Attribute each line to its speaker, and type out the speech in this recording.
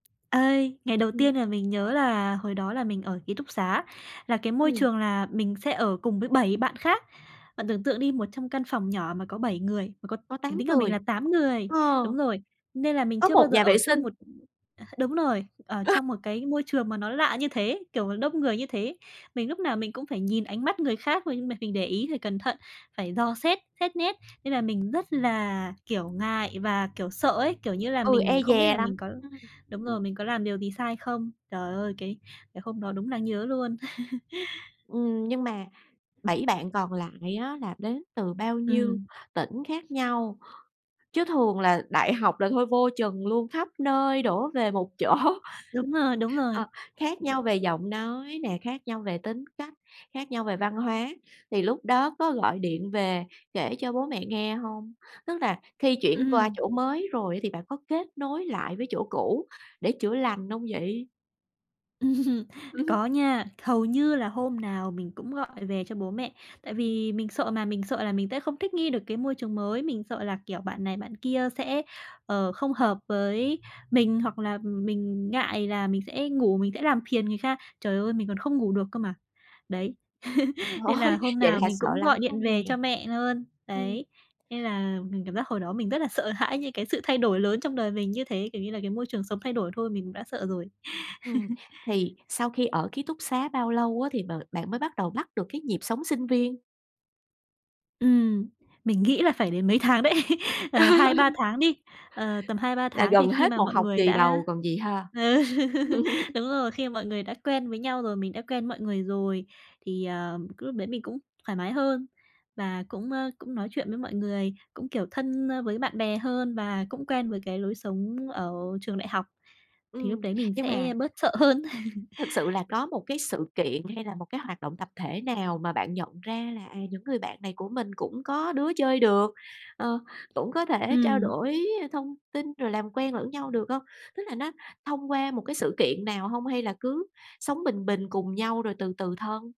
Speaker 1: Ê, ngày đầu
Speaker 2: Ừm.
Speaker 1: tiên là mình nhớ là hồi đó là mình ở ký túc xá, là cái môi
Speaker 2: Ừm.
Speaker 1: trường là mình sẽ ở cùng với 7 bạn khác. Bạn tưởng tượng đi, một trong căn phòng nhỏ mà có 7 người, mà có
Speaker 2: Có
Speaker 1: ờ,
Speaker 2: 8
Speaker 1: tính cả mình
Speaker 2: người.
Speaker 1: là 8 người.
Speaker 2: Ờ.
Speaker 1: Đúng rồi, nên là mình
Speaker 2: Có
Speaker 1: chưa bao
Speaker 2: 1
Speaker 1: giờ
Speaker 2: nhà vệ
Speaker 1: ở chung
Speaker 2: sinh.
Speaker 1: một ờ, đúng rồi, ở trong một cái môi trường mà nó lạ như thế, kiểu đông người như thế. Mình lúc nào mình cũng phải nhìn ánh mắt người khác rồi nhưng mà mình để ý rồi cẩn thận, phải dò xét, xét nét, nên là mình rất là, kiểu, ngại và, kiểu, sợ ấy. Kiểu như là
Speaker 2: Ừ,
Speaker 1: mình
Speaker 2: e
Speaker 1: không biết
Speaker 2: dè
Speaker 1: là
Speaker 2: lắm,
Speaker 1: mình có
Speaker 2: ừm,
Speaker 1: đúng rồi,
Speaker 2: ừm.
Speaker 1: mình có làm điều gì sai không. Trời ơi! Cái cái hôm đó đúng đáng nhớ luôn.
Speaker 2: Ừm, nhưng mà 7 bạn còn lại á là đến từ bao nhiêu
Speaker 1: Ừm.
Speaker 2: tỉnh khác nhau, chứ thường là đại học là thôi vô chừng luôn, khắp nơi đổ về một chỗ.
Speaker 1: Đúng rồi, đúng rồi.
Speaker 2: Ờ, khác nhau về giọng nói nè, khác nhau về tính cách, khác nhau về văn hóa. Thì lúc đó có gọi điện về kể cho bố mẹ nghe hông? Tức là khi chuyển qua
Speaker 1: Ừm.
Speaker 2: chỗ mới rồi thì bạn có kết nối lại với chỗ cũ để chữa lành không vậy?
Speaker 1: Ừm, có nha, hầu như là hôm nào mình cũng gọi về cho bố mẹ. Tại vì mình sợ mà, mình sợ là mình sẽ không thích nghi được cái môi trường mới, mình sợ là, kiểu, bạn này bạn kia sẽ, ờ, không hợp với mình, hoặc là mình ngại là mình sẽ ngủ mình sẽ làm phiền người kha. Trời ơi, mình còn không ngủ được cơ mà. Đấy,
Speaker 2: Trời
Speaker 1: nên là
Speaker 2: ơi!
Speaker 1: hôm
Speaker 2: Vậy
Speaker 1: nào
Speaker 2: là
Speaker 1: mình
Speaker 2: sợ
Speaker 1: cũng
Speaker 2: lắm
Speaker 1: gọi điện
Speaker 2: luôn nè.
Speaker 1: về cho mẹ luôn.
Speaker 2: Ừm.
Speaker 1: Đấy, nên là mình cảm giác hồi đó mình rất là sợ hãi những cái sự thay đổi lớn trong đời mình như thế, kiểu như là cái môi trường sống thay đổi thôi mình cũng đã sợ rồi.
Speaker 2: Ừm, thì sau khi ở ký túc xá bao lâu á thì b bạn mới bắt đầu bắt được cái nhịp sống sinh viên?
Speaker 1: Ừm, mình nghĩ là phải đến mấy tháng đấy, ờ, 2-3 tháng đi. Ờ, tầm hai ba
Speaker 2: Là
Speaker 1: tháng thì
Speaker 2: gần
Speaker 1: khi
Speaker 2: hết
Speaker 1: mà
Speaker 2: một
Speaker 1: mọi
Speaker 2: học
Speaker 1: người
Speaker 2: kỳ
Speaker 1: đã
Speaker 2: đầu còn gì ha?
Speaker 1: ừ, đúng rồi, khi mọi người đã quen với nhau rồi, mình đã quen mọi người rồi, thì, ờ, cái lúc đấy mình cũng thoải mái hơn và cũng, ơ, cũng nói chuyện với mọi người, cũng, kiểu, thân, ơ, với bạn bè hơn và cũng quen với cái lối sống ở trường đại học, thì lúc
Speaker 2: Ừm,
Speaker 1: đấy mình
Speaker 2: nhưng mà
Speaker 1: sẽ bớt sợ hơn.
Speaker 2: thực sự là có một cái sự kiện hay là một cái hoạt động tập thể nào mà bạn nhận ra là, à, những người bạn này của mình cũng có đứa chơi được, ờ, cũng có thể trao
Speaker 1: Ừm.
Speaker 2: đổi thông tin rồi làm quen lẫn nhau được hông? Tức là nó thông qua một cái sự kiện nào hông, hay là cứ sống bình bình cùng nhau rồi từ từ thân?